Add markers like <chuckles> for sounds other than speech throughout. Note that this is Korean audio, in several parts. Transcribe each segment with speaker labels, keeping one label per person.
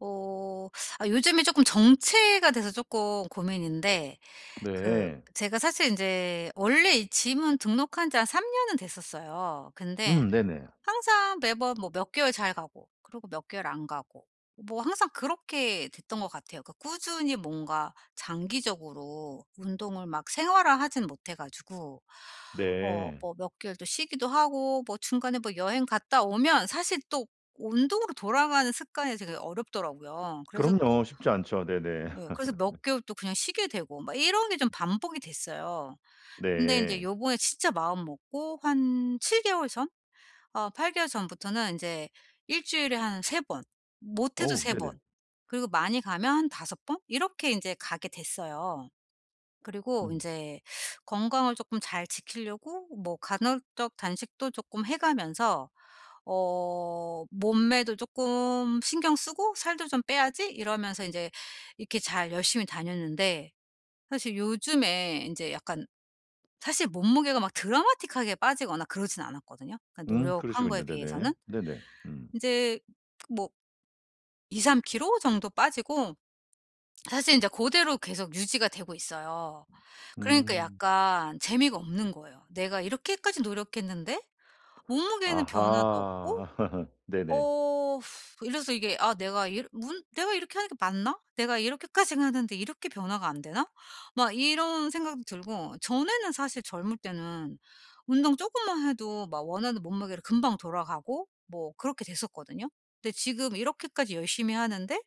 Speaker 1: 어 아 요즘에 쪼끔 정체가 돼서 쪼끔 고민인데 그
Speaker 2: 네.
Speaker 1: 제가 사실 인제 원래 이 짐은 등록한 지 한 3 년은 됐었어요. 근데
Speaker 2: 음 네네.
Speaker 1: 항상 매번 뭐 몇 개월 잘 가고 그리고 몇 개월 안 가고. 뭐 항상 그렇게 됐던 것 같아요. 그 꾸준히 뭔가 장기적으로 운동을 막 생활화하진 못해 가지고. 어
Speaker 2: 네.
Speaker 1: 뭐 몇 개월 또 쉬기도 하고 뭐 중간에 뭐 여행 갔다 오면 사실 또 운동으로 돌아가는 습관이 되게 어렵더라고요. 그래서 또
Speaker 2: 그럼요. 쉽지 않죠. 네네.
Speaker 1: 예. 그래서 몇
Speaker 2: <laughs>
Speaker 1: 개월 또 그냥 쉬게 되고 막 이런 게 좀 반복이 됐어요. 근데 인제
Speaker 2: 네.
Speaker 1: 요번에 진짜 마음먹고 한 7 개월 전? 아 8 개월 전부터는 인제 일주일에 한 3 번. 못해도
Speaker 2: 어우
Speaker 1: 3
Speaker 2: 네네.
Speaker 1: 번. 그리고 많이 가면 한 5 번. 이렇게 인제 가게 됐어요. 그리고
Speaker 2: 음.
Speaker 1: 인제 건강을 쪼끔 잘 지키려고 뭐 간헐적 단식도 쪼끔 해 가면서 '어 몸매도 쪼끔 신경 쓰고 살도 좀 빼야지.' 이러면서 인제 이렇게 잘 열심히 다녔는데 사실 요즘에 인제 약간 사실 몸무게가 막 드라마틱하게 빠지거나 그러진 않았거든요,
Speaker 2: 음,
Speaker 1: 노력한 거에
Speaker 2: 그러시군요. 네네.
Speaker 1: 비해서는.
Speaker 2: 네네. 음.
Speaker 1: 인제 그 뭐 2-3kg 정도 빠지고 사실 인자 고대로 계속 유지가 되고 있어요. 그러니까
Speaker 2: 음.
Speaker 1: 약간 재미가 없는 거예요. 내가 이렇게까지 노력했는데 몸무게는 변화가 없고
Speaker 2: 아하. <laughs> 네네.
Speaker 1: 어 <sighs> 이래서 이게 아 내가 이러 문 '내가 이렇게 하는 게 맞나? 내가 이렇게까지 하는데 이렇게 변화가 안 되나?' 막 이런 생각도 들고. 전에는 사실 젊을 때는 운동 쪼금만 해도 막 원하는 몸무게로 금방 돌아가고 뭐 그렇게 됐었거든요. 근데 지금 이렇게까지 열심히 하는데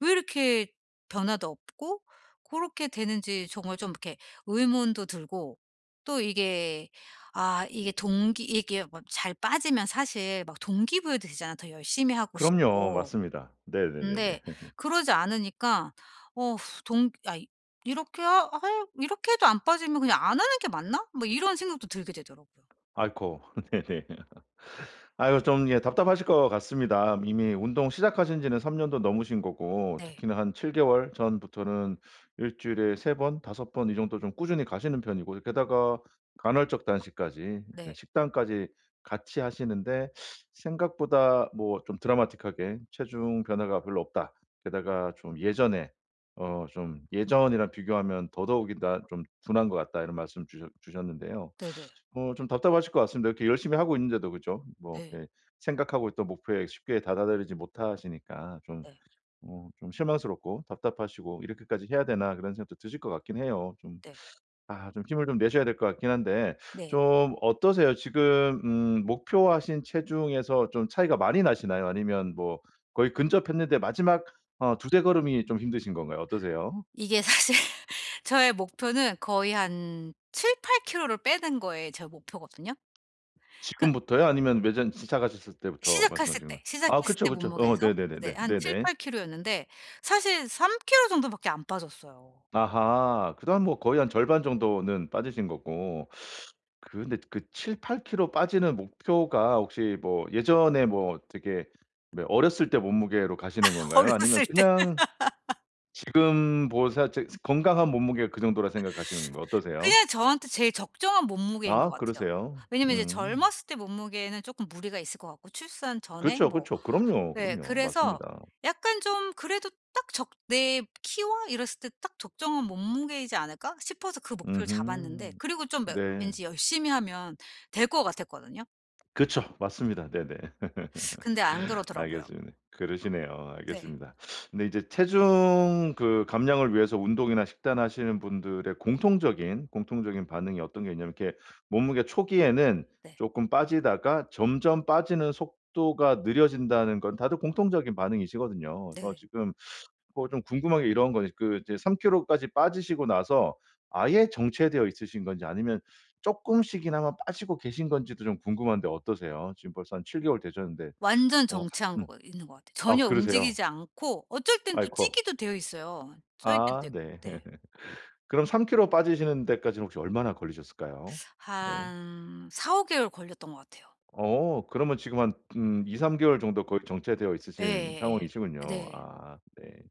Speaker 1: 왜 이렇게 변화도 없고 고렇게 되는지 정말 좀 이렇게 의문도 들고. 또 이게 아 이게 동기 이게 뭐 잘 빠지면 사실 막 동기 부여도 되잖아 더 열심히 하고
Speaker 2: 그럼요.
Speaker 1: 싶고.
Speaker 2: 맞습니다. 네네네네.
Speaker 1: 근데
Speaker 2: <laughs>
Speaker 1: 그러지 않으니까 어 <sighs> 동 야 이 이렇게 하 할 '이렇게 해도 안 빠지면 그냥 안 하는 게 맞나?' 뭐 이런 생각도 들게 되더라고요.
Speaker 2: 아이코. <laughs> 네네. <laughs> 아유 좀 예 답답하실 것 같습니다. 이미 운동 시작하신 지는 3 년도 넘으신 거고.
Speaker 1: 네.
Speaker 2: 특히나 한 7 개월 전부터는 일주일에 3 번, 5 번 이 정도 좀 꾸준히 가시는 편이고 이 게다가 간헐적 단식까지 예.
Speaker 1: 네.
Speaker 2: 식단까지 같이 하시는데 "생각보다 뭐 좀 드라마틱하게 체중 변화가 별로 없다. 게다가 좀 예전에. 어 좀 예전이랑 비교하면 더더욱이나 좀 둔한 것 같다." 이런 말씀 주셨 주셨는데요.
Speaker 1: 네네.
Speaker 2: 어 좀 답답하실 것 같습니다. 이렇게 열심히 하고 있는데도 그죠? 뭐
Speaker 1: 네.
Speaker 2: 이렇게 생각하고 있던 목표에 쉽게 도달하지 못하시니까 좀
Speaker 1: 네.
Speaker 2: 어 좀 실망스럽고, 답답하시고 '이렇게까지 해야 되나?' 그런 생각도 드실 것 같긴 해요. 좀
Speaker 1: 네.
Speaker 2: 아 좀 힘을 좀 내셔야 될 것 같긴 한데
Speaker 1: 네.
Speaker 2: 좀 어떠세요? 지금 음 목표하신 체중에서 좀 차이가 많이 나시나요? 아니면 뭐 거의 근접했는데 마지막 어 2-3 걸음이 좀 힘드신 건가요? 어떠세요?
Speaker 1: 이게 사실 저의 목표는 거의 한 7-8 키로를 빼는 거에 제 목표거든요. 그
Speaker 2: 지금부터요? 아니면 매전 친착하셨을 때부터
Speaker 1: 시작했을
Speaker 2: 말씀하시는
Speaker 1: 때.
Speaker 2: 거예요? 아
Speaker 1: 시작했을
Speaker 2: 그쵸,
Speaker 1: 때
Speaker 2: 그쵸. 어
Speaker 1: 몸무게에서 네
Speaker 2: 네네네네.
Speaker 1: 한
Speaker 2: 네네.
Speaker 1: 7-8kg였는데 사실 3kg 정도밖에 안 빠졌어요.
Speaker 2: 아하. 그다음 뭐 거의 한 절반 정도는 빠지신 거고. 그런데 그 7-8kg 빠지는 목표가 혹시 뭐 예전에 뭐 되게 뭐 어렸을 때 몸무게로 가시는
Speaker 1: <laughs>
Speaker 2: 건가요? 아니면
Speaker 1: 어렸을 때
Speaker 2: 그냥
Speaker 1: <laughs>
Speaker 2: 지금 뭐 생각할 적에 건강한 몸무게가 그 정도라고 생각하시는 거 어떠세요?
Speaker 1: 그냥 저한테 제일 적정한 몸무게인 것
Speaker 2: 아
Speaker 1: 같아요.
Speaker 2: 그러세요?
Speaker 1: 왜냐면 이제
Speaker 2: 음.
Speaker 1: 젊었을 때 몸무게는 쪼끔 무리가 있을 것 같고. 출산 전에
Speaker 2: 그렇죠,
Speaker 1: 뭐.
Speaker 2: 그렇죠. 그럼요,
Speaker 1: 네.
Speaker 2: 그럼요.
Speaker 1: 그래서
Speaker 2: 맞습니다.
Speaker 1: 약간 좀 그래도 딱 적 내 키와 이랬을 때 딱 적정한 몸무게이지 않을까 싶어서 그 목표를 잡았는데.
Speaker 2: 음흠.
Speaker 1: 그리고 좀 뭐
Speaker 2: 네.
Speaker 1: 왠지 열심히 하면 될 것 같았거든요.
Speaker 2: 그쵸. 맞습니다. 네네.
Speaker 1: 근데 안
Speaker 2: <chuckles>
Speaker 1: 그러더라고요.
Speaker 2: 알겠습니다. 그러시네요.
Speaker 1: 네.
Speaker 2: 알겠습니다. 근데 이제 체중 그 감량을 위해서 운동이나 식단하시는 분들의 공통적인, 공통적인 반응이 어떤 게 있냐면 이렇게 몸무게 초기에는
Speaker 1: 네.
Speaker 2: 쪼금 빠지다가 점점 빠지는 속도가 느려진다는 건 다들 공통적인 반응이시거든요. 그래서
Speaker 1: 네.
Speaker 2: 지금 뭐 좀 궁금한 게 이런 거 이 그 이제 3 킬로까지 빠지시고 나서 아예 정체되어 있으신 건지 아니면 조금씩이나마 빠지고 계신 건지도 좀 궁금한데 어떠세요? 지금 벌써 한 7 개월 되셨는데
Speaker 1: 완전
Speaker 2: 어
Speaker 1: 정체한
Speaker 2: 음.
Speaker 1: 거가 있는 것 같아.
Speaker 2: 아
Speaker 1: 전혀
Speaker 2: 그러세요?
Speaker 1: 움직이지 않고 어쩔 땐 또
Speaker 2: 아이코.
Speaker 1: 찌기도 되어 있어요. 쪄 있기도
Speaker 2: 아
Speaker 1: 됐고
Speaker 2: 네.
Speaker 1: 네.
Speaker 2: <laughs> 그럼 3 킬로 빠지시는 데까지는 혹시 얼마나 걸리셨을까요? 네.
Speaker 1: 한 4~5 개월 걸렸던 것 같아요.
Speaker 2: 어 그러면 지금 한 음 2-3 개월 정도 거의 정체되어 있으신
Speaker 1: 예예예.
Speaker 2: 상황이시군요.
Speaker 1: 네.
Speaker 2: 아 네.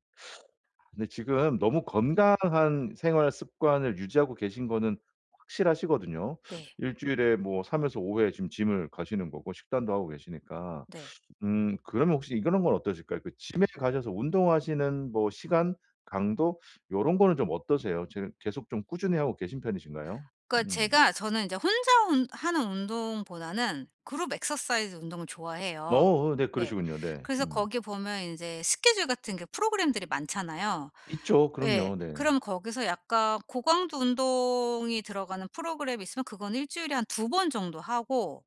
Speaker 2: 근데 지금 너무 건강한 생활 습관을 유지하고 계신 거는 확실하시거든요.
Speaker 1: 네.
Speaker 2: 1 주일에 뭐 3에서 5 회 지금 짐을 가시는 거고 식단도 하고 계시니까.
Speaker 1: 네.
Speaker 2: 음 그러면 혹시 이런 건 어떠실까요? 그 짐에 가셔서 운동하시는 뭐 시간 강도 이런 거는 좀 어떠세요? 지금 계속 좀 꾸준히 하고 계신 편이신가요?
Speaker 1: 그러니까
Speaker 2: 음.
Speaker 1: 제가 저는 인제 혼자 운 하는 운동보다는 그룹 exercise 운동을 좋아해요.
Speaker 2: 어어 네
Speaker 1: 예
Speaker 2: 그러시군요. 네
Speaker 1: 그래서
Speaker 2: 음.
Speaker 1: 거기에 보면 인제 스케줄 같은 게 프로그램들이 많잖아요.
Speaker 2: 있죠.
Speaker 1: 예.
Speaker 2: 그럼요. 네.
Speaker 1: 그럼 거기서 약간 고강도 운동이 들어가는 프로그램 있으면 그건 1 주일에 한 2 번 정도 하고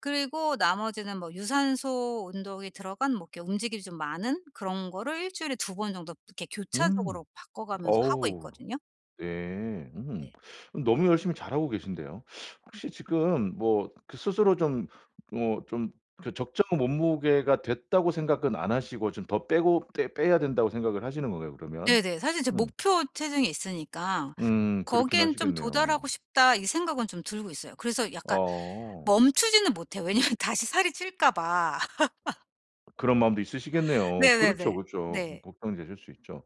Speaker 1: 그리고 나머지는 뭐 유산소 운동이 들어간 뭐 이렇게 움직임이 좀 많은 그런 거를 1 주일에 2 번 정도 이렇게
Speaker 2: 음
Speaker 1: 교차적으로 바꿔 가면서 하고
Speaker 2: 어우.
Speaker 1: 있거든요.
Speaker 2: 네 음.
Speaker 1: 네.
Speaker 2: 너무 열심히 잘하고 계신데요. 혹시 지금 뭐 그 스스로 좀 뭐 좀 그 적정 몸무게가 됐다고 생각은 안 하시고 좀 더 빼고 빼 빼야 된다고 생각을 하시는 건가요 그러면?
Speaker 1: 네네. 사실 제
Speaker 2: 음.
Speaker 1: 목표 체중이 있으니까
Speaker 2: 음 그렇긴
Speaker 1: '거기에는 좀
Speaker 2: 하시겠네요.
Speaker 1: 도달하고 싶다.' 이 생각은 좀 들고 있어요. 그래서 약간
Speaker 2: 어.
Speaker 1: 멈추지는 못 해요. 왜냐면 다시 살이 찔까 봐. <laughs>
Speaker 2: 그런 마음도 있으시겠네요. 그렇죠,
Speaker 1: 네네네.
Speaker 2: 그렇죠. 음
Speaker 1: 네.
Speaker 2: 걱정되실 수 있죠.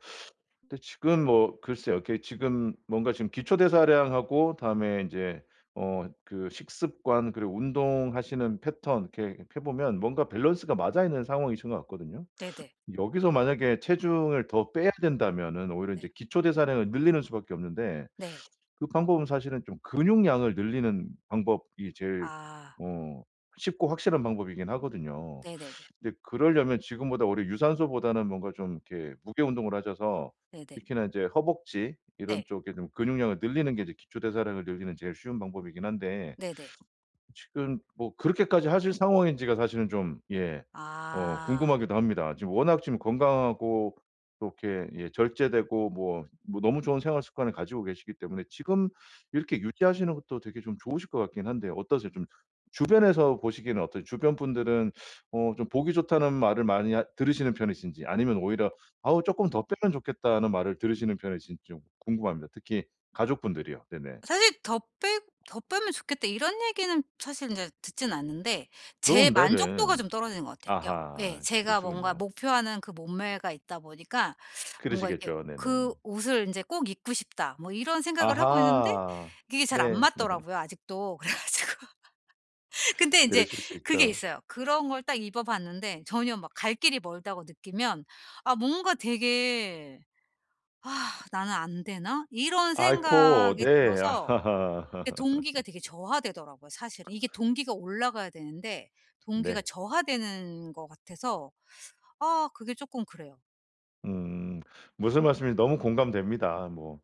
Speaker 2: 근데 지금 뭐 글쎄요 이렇게 지금 뭔가 지금 기초대사량하고 다음에 인제 어 그 식습관 그리고 운동하시는 패턴 이렇게 해 보면 뭔가 밸런스가 맞아 있는 상황이신 것 같거든요.
Speaker 1: 네네.
Speaker 2: 여기서 만약에 체중을 더 빼야 된다면은 오히려 인제
Speaker 1: 네.
Speaker 2: 기초대사량을 늘리는 수밖에 없는데
Speaker 1: 네.
Speaker 2: 그 방법은 사실은 좀 근육량을 늘리는 방법이 제일
Speaker 1: 아.
Speaker 2: 어 쉽고 확실한 방법이긴 하거든요.
Speaker 1: 네네네.
Speaker 2: 근데 그러려면 지금보다 오히려 유산소보다는 뭔가 좀 이렇게 무게 운동을 하셔서
Speaker 1: 네네.
Speaker 2: 특히나 이제 허벅지 이런
Speaker 1: 네.
Speaker 2: 쪽에 좀 근육량을 늘리는 게 이제 기초대사량을 늘리는 제일 쉬운 방법이긴 한데
Speaker 1: 네네.
Speaker 2: 지금 뭐 그렇게까지 하실 상황인지가 사실은 좀 예 어
Speaker 1: 아.
Speaker 2: 궁금하기도 합니다. 지금 워낙 지금 건강하고 또 이렇게 예 절제되고 뭐 뭐 너무 좋은 생활 습관을 가지고 계시기 때문에 지금 이렇게 유지하시는 것도 되게 좀 좋으실 것 같긴 한데 어떠세요? 좀 주변에서 보시기에는 어떠세요? 주변 분들은 어 좀 보기 좋다는 말을 많이 하 들으시는 편이신지 아니면 오히려 어우 쪼끔 더 빼면 좋겠다는 말을 들으시는 편이신지 좀 궁금합니다. 특히 가족분들이요. 네네.
Speaker 1: 사실 더 빼 "더 빼면 좋겠다." 이런 얘기는 사실 인제 듣진 않는데 제
Speaker 2: 그럼
Speaker 1: 만족도가
Speaker 2: 네네.
Speaker 1: 좀 떨어지는 것 같아요. 게오 예
Speaker 2: 아하.
Speaker 1: 제가 뭔가
Speaker 2: 그러시군요.
Speaker 1: 목표하는 그 몸매가 있다 보니까 뭔가 이렇게
Speaker 2: 그러시겠죠.
Speaker 1: '그
Speaker 2: 네네.
Speaker 1: 옷을 인제 꼭 입고 싶다.' 뭐 이런 생각을 하고 있는데
Speaker 2: 아하.
Speaker 1: 이게 잘 안
Speaker 2: 네. <laughs>
Speaker 1: 맞더라고요 아직도. 그래 가지고 <laughs> 근데 인제
Speaker 2: 그러실 수
Speaker 1: 그게
Speaker 2: 있죠.
Speaker 1: 있어요. 그런 걸 딱 입어봤는데 전혀 막 갈 길이 멀다고 느끼면 아 뭔가 되게 <sighs> '나는 안 되나?' 이런
Speaker 2: 아이코.
Speaker 1: 생각이
Speaker 2: 네.
Speaker 1: 들어서 이게 동기가
Speaker 2: <laughs>
Speaker 1: 되게 저하되더라고요 사실. 이게 동기가 올라가야 되는데 동기가
Speaker 2: 네.
Speaker 1: 저하되는 것 같아서 아 그게 쪼끔 그래요.
Speaker 2: 음. 무슨 말씀인지 너무 공감됩니다 뭐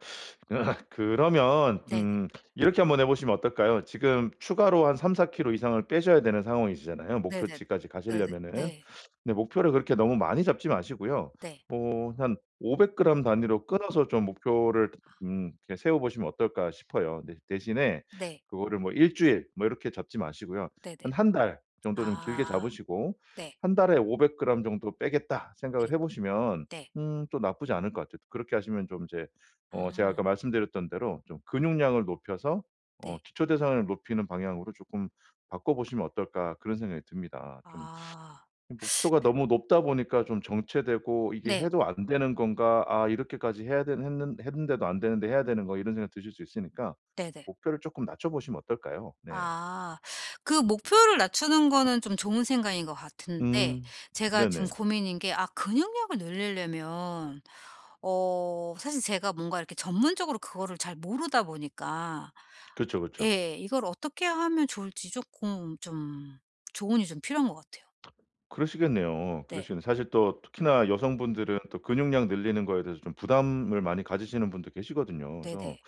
Speaker 2: <laughs> 그러면
Speaker 1: 네 네.
Speaker 2: 음 이렇게 한번 해 보시면 어떨까요. 지금 추가로 한 3-4kg이상을 빼셔야 되는 상황이시잖아요
Speaker 1: 네네
Speaker 2: 목표치까지
Speaker 1: 네네
Speaker 2: 가실려면은.
Speaker 1: 네.
Speaker 2: 근데 목표를 그렇게 너무 많이 잡지 마시고요
Speaker 1: 네.
Speaker 2: 뭐 한 500g 단위로 끊어서 좀 목표를
Speaker 1: 아.
Speaker 2: 음 이렇게 세워보시면 어떨까 싶어요. 네 대신에
Speaker 1: 네.
Speaker 2: 그거를 뭐 1 주일 뭐 이렇게 잡지 마시고요.
Speaker 1: 네네.
Speaker 2: 한 1 달 정도 좀
Speaker 1: 아
Speaker 2: 길게 잡으시고
Speaker 1: 네.
Speaker 2: '1 달에 500g 정도 빼겠다.' 생각을
Speaker 1: 네
Speaker 2: 해보시면
Speaker 1: 네.
Speaker 2: 음 또 나쁘지 않을 것 같아요. 그렇게 하시면 좀 이제 어 제가
Speaker 1: 아.
Speaker 2: 아까 말씀드렸던 대로 '좀 근육량을 높여서 어
Speaker 1: 네.
Speaker 2: 기초 대사량을 높이는 방향으로 쪼끔 바꿔보시면 어떨까.' 그런 생각이 듭니다. 좀
Speaker 1: 아.
Speaker 2: 이 목표가
Speaker 1: <sucks teeth>
Speaker 2: 너무 높다 보니까 좀 정체되고 '이게
Speaker 1: 네.
Speaker 2: 해도 안 되는 건가. 아 이렇게까지 해야 되는 했는 했는데도 안되는데 해야 되는 거' 이런 생각이 드실 수 있으니까
Speaker 1: 네네.
Speaker 2: 목표를 쪼끔 낮춰보시면 어떨까요. 네.
Speaker 1: 아. 그 목표를 낮추는 거는 좀 좋은 생각인 거 같은데
Speaker 2: 음
Speaker 1: 제가 좀
Speaker 2: 네네.
Speaker 1: 고민인 게 아 근육량을 늘릴려면 어 사실 제가 뭔가 이렇게 전문적으로 그거를 잘 모르다 보니까
Speaker 2: 그쵸, 그쵸.
Speaker 1: 예 이걸 어떻게 하면 좋을지 쪼끔 좀 조언이 좀 필요한 거 같아요.
Speaker 2: 그러시겠네요.
Speaker 1: 네.
Speaker 2: 그러시겠네. 사실 또 특히나 여성분들은 또 근육량 늘리는 거에 대해서 좀 부담을 많이 가지시는 분도 계시거든요. 그래서
Speaker 1: 네네.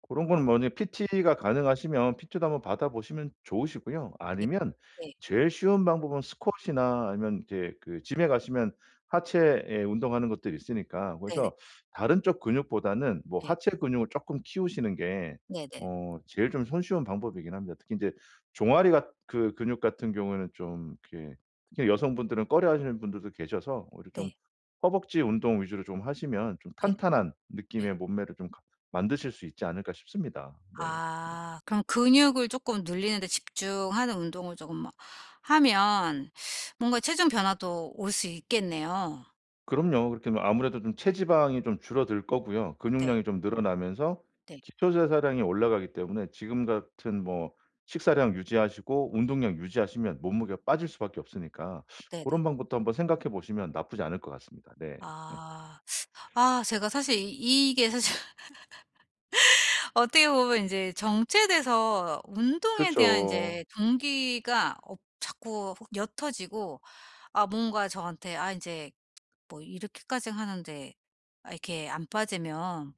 Speaker 2: 고런 거는 만약에 PT가 가능하시면 PT도 한번 받아보시면 좋으시고요
Speaker 1: 예
Speaker 2: 아니면
Speaker 1: 네.
Speaker 2: 제일 쉬운 방법은 스쿼시이나 아니면 이제 그 Gym에 가시면 하체에 운동하는 것들이 있으니까
Speaker 1: 네네.
Speaker 2: 그래서 다른 쪽 근육보다는 뭐
Speaker 1: 네.
Speaker 2: 하체 근육을 쪼끔 키우시는 게
Speaker 1: 네네.
Speaker 2: 어 제일 좀 손쉬운 방법이긴 합니다. 특히 인제 종아리 같 그 근육 같은 경우에는 좀 이렇게 그냥 여성분들은 꺼려하시는 분들도 계셔서 오히려 좀
Speaker 1: 네.
Speaker 2: 허벅지 운동 위주로 좀 하시면 좀
Speaker 1: 네
Speaker 2: 탄탄한
Speaker 1: 예.
Speaker 2: 느낌의 몸매를 좀 가 만드실 수 있지 않을까 싶습니다. 네.
Speaker 1: 아 그럼 근육을 쪼끔 늘리는 데 집중하는 운동을 쪼금 뭐 하면 뭔가 체중 변화도 올 수 있겠네요.
Speaker 2: 그럼요. 그렇게 뭐 아무래도 좀 체지방이 좀 줄어들 거고요
Speaker 1: 네.
Speaker 2: 근육량이 좀 늘어나면서
Speaker 1: 네.
Speaker 2: 기초대사량이 올라가기 때문에 지금 같은 뭐 식사량 유지하시고 운동량 유지하시면 몸무게가 빠질 수밖에 없으니까
Speaker 1: 네 네.
Speaker 2: 고런 방법도 한번 생각해 보시면 나쁘지 않을 것 같습니다. 네. <laughs>
Speaker 1: 아. 아 제가 사실 이 이게 사실 <laughs> 어떻게 보면 인제 정체돼서 운동에 대한
Speaker 2: 그쵸.
Speaker 1: 인제 동기가 없 자꾸 옅어지고 아 뭔가 저한테 아 인제 뭐 이렇게까지 하는데 아 이렇게 안 빠지면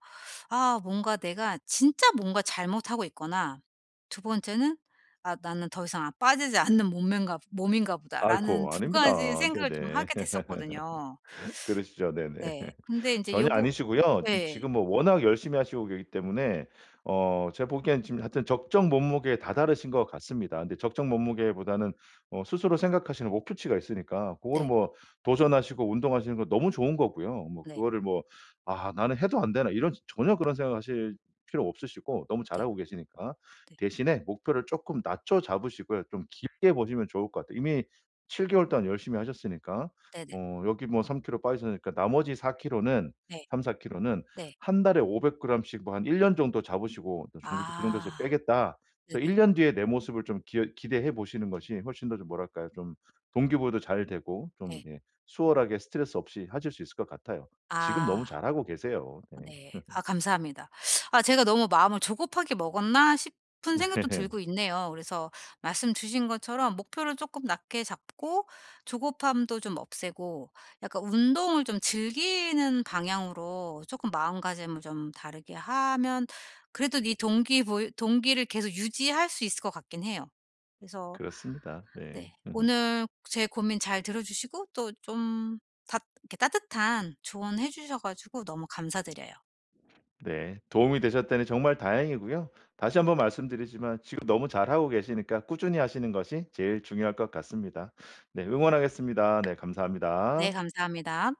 Speaker 1: 아 뭔가 내가 진짜 뭔가 잘못하고 있거나 2 번째는 '아 나는 더 이상 안 빠지지 않는 몸매인가 몸인가 보다.'라는
Speaker 2: 아이코
Speaker 1: 2 가지
Speaker 2: 아닙니다.
Speaker 1: 생각을 좀
Speaker 2: 네네.
Speaker 1: 하게 됐었거든요.
Speaker 2: <laughs> 그러시죠, 네네.
Speaker 1: 네.
Speaker 2: <laughs>
Speaker 1: 근데 인제
Speaker 2: 전혀
Speaker 1: 여부
Speaker 2: 아니시고요. 짐
Speaker 1: 예.
Speaker 2: 지금 뭐 워낙 열심히 하시고 계시기 때문에 어 제가 보기에는 지금 하여튼 적정 몸무게에 다다르신 것 같습니다. 근데 적정 몸무게보다는 어 스스로 생각하시는 목표치가 있으니까 고거는
Speaker 1: 네.
Speaker 2: 뭐 도전하시고 운동하시는 거 너무 좋은 거고요 뭐
Speaker 1: 네.
Speaker 2: 그거를 뭐 '아 나는 해도 안 되나?' 이런 전혀 그런 생각 하실 필요 없으시고 너무
Speaker 1: 네.
Speaker 2: 잘하고 계시니까
Speaker 1: 네.
Speaker 2: 대신에 목표를 쪼끔 낮춰 잡으시고요. 좀 길게 보시면 좋을 것 같아요. 이미 7 개월 동안 열심히 하셨으니까
Speaker 1: 네네.
Speaker 2: 어 여기 뭐 3 키로 빠지셨으니까, 나머지 4 키로는
Speaker 1: 네.
Speaker 2: 3-4 키로는
Speaker 1: 네.
Speaker 2: 한 달에 500 그램 씩 뭐 한 1 년 정도 잡으시고. '그 정도에서
Speaker 1: 아.
Speaker 2: 빼겠다.'
Speaker 1: 네
Speaker 2: 그래서
Speaker 1: 네.
Speaker 2: 1 년 뒤의 내 모습을 좀 기여 기대해 보시는 것이 훨씬 더 좀 뭐랄까요 좀 동기부여도 잘 되고 좀
Speaker 1: 네.
Speaker 2: 이게 수월하게 스트레스 없이 하실 수 있을 것 같아요. 지금 너무
Speaker 1: 아.
Speaker 2: 잘하고 계세요. 네.
Speaker 1: 네. 아
Speaker 2: <laughs>
Speaker 1: 감사합니다. 아 제가 '너무 마음을 조급하게 먹었나?' 싶은
Speaker 2: 네.
Speaker 1: 생각도
Speaker 2: <laughs>
Speaker 1: 들고 있네요. 그래서 말씀 주신 것처럼 목표를 쪼끔 낮게 잡고 조급함도 좀 없애고 약간 운동을 좀 즐기는 방향으로 쪼끔 마음가짐을 좀 다르게 하면 그래도 이 동기 보이 동기를 계속 유지할 수 있을 것 같긴 해요. 그래서
Speaker 2: 그렇습니다. 네.
Speaker 1: 네.
Speaker 2: <laughs>
Speaker 1: 오늘 제 고민 잘 들어주시고 또 좀 닷 이렇게 따뜻한 조언 해주셔 가지고 너무 감사드려요.
Speaker 2: 네 도움이 되셨다니 정말 다행이고요. 다시 한번 말씀드리지만 지금 너무 잘하고 계시니까 꾸준히 하시는 것이 제일 중요할 것 같습니다. 네 응원하겠습니다. 네
Speaker 1: 네
Speaker 2: 감사합니다.
Speaker 1: 감사합니다.